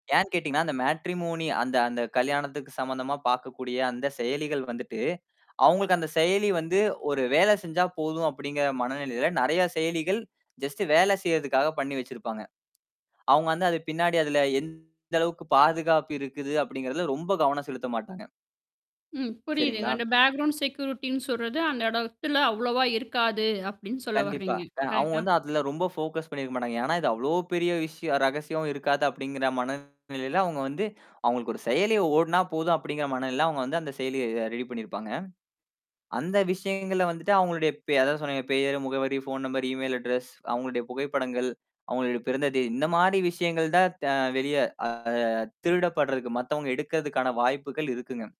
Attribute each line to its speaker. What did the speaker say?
Speaker 1: ஏன் கேட்டீங்கன்னா, அந்த மேட்ரிமோனி அந்த அந்த கல்யாணத்துக்கு சம்மந்தமா பாக்கக்கூடிய அந்த செயலிகள் வந்துட்டு அவுங்களுக்கு அந்த செயலி வந்து, "ஒரு வேலை செஞ்சா போதும்," அப்படிங்கிற மனநிலையில நெறைய செயலிகள், ஜஸ்ட் வேல செய்றதுக்காக பண்ணி வச்சிருப்பாங்க. அவுங்க வந்து, "அது பின்னாடி அதுல எந்த அளவுக்கு பாதுகாப்பு இருக்குது?" அப்படிங்கிறதுல ரொம்ப கவனம் செலுத்த மாட்டாங்க.
Speaker 2: ம். புரியுதுங்க.
Speaker 1: சரிங்களா?
Speaker 2: "அந்த பேக்கிரவுண்ட் செக்யூரிட்டின்னு சொல்றது, அந்த இடத்துல அவ்வளவா இருக்காது." அப்படின்னு சொல்ல
Speaker 1: கண்டிப்பா.
Speaker 2: வறீங்க.
Speaker 1: அ அவுங்க
Speaker 2: கரெக்டா?
Speaker 1: வந்து அதுல ரொம்ப ஃபோகஸ் பண்ணிருக்க மாட்டாங்க. ஏன்னா, "இது அவ்வளோ பெரிய விஷய ரகசியம் இருக்காது," அப்படிங்கிற மனநிலையில அவுங்க வந்து, "அவுங்களுக்கு ஒரு செயலி ஓடுனா போதும்." அப்படிங்கிற மனநிலையில அவுங்க வந்து அந்த செயலிய அ ரெடி பண்ணியிருப்பாங்க. அந்த விஷயங்கள்ல வந்துட்டு அவுங்களுடைய பெ அதான் சொன்னனே பெயர், முகவரி, ஃபோன் நம்பர், இமெயில் அட்ரஸ், அவுங்களுடைய புகைப்படங்கள், அவுங்களுடைய பிறந்த தேதி இந்த மாரி விஷயங்கள் தான் த வெளிய அ திருடப்படுறதுக்கு மத்தவங்க எடுக்கறதுக்கான வாய்ப்புகள் இருக்குங்க.